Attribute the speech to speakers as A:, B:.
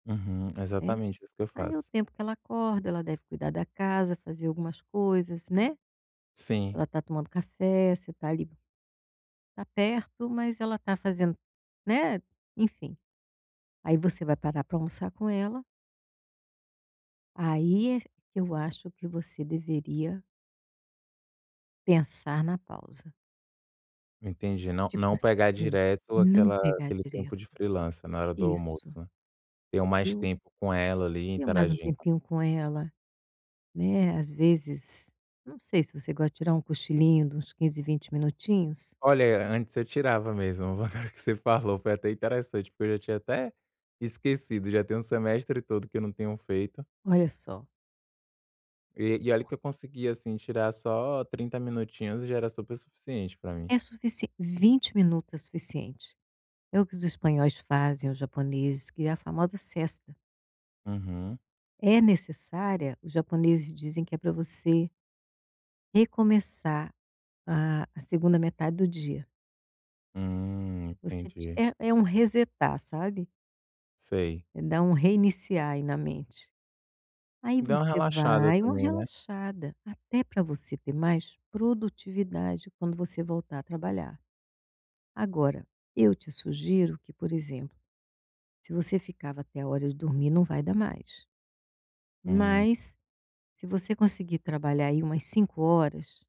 A: Uhum.
B: É,
A: Exatamente isso que eu
B: aí é o
A: faço.
B: tempo que ela acorda, ela deve cuidar da casa, fazer algumas coisas, né,
A: Sim.
B: ela está tomando café, você está ali, tá perto mas ela está fazendo, né, enfim, aí você vai parar para almoçar com ela. Aí é, eu acho que você deveria pensar na pausa.
A: Entendi, não
B: Tipo
A: não pegar
B: assim,
A: direto
B: não
A: aquela,
B: pegar
A: aquele tempo
B: direto.
A: de freelancer na hora do almoço,
B: Isso.
A: é. Ter mais
B: Eu.
A: tempo com ela ali e
B: Mais um
A: interagindo.
B: tempinho com ela, né, às vezes, não sei se você gosta de tirar um cochilinho de uns 15, 20 minutinhos.
A: Olha, antes eu tirava mesmo o valor que você falou, foi até interessante, porque eu já tinha até esquecido, já tem o semestre todo que eu não tenho feito.
B: Olha só.
A: E, e olha que eu consegui assim tirar só 30 minutinhos e já era super suficiente para mim.
B: É suficie 20 minuto é suficiente. É o que os espanhóis fazem aos japoneses que é a famosa sesta.
A: Uhum.
B: É necessária os japoneses dizem que é para você recomeçar a a 2ª metade do dia.
A: Hum,
B: Você ti
A: entendi.
B: é é um resetar sabe?
A: Sei.
B: É dar um reiniciar aí na mente. Aí
A: Dá uma
B: você
A: relaxada
B: vai uma
A: também, né.
B: relaxada, até para você ter mais produtividade quando você voltar a trabalhar. Agora, eu te sugiro que por exemplo, se você ficava até a hora de dormir não vai dar mais,
A: Hum.
B: mas, se você conseguir trabalhar aí umas 5 horas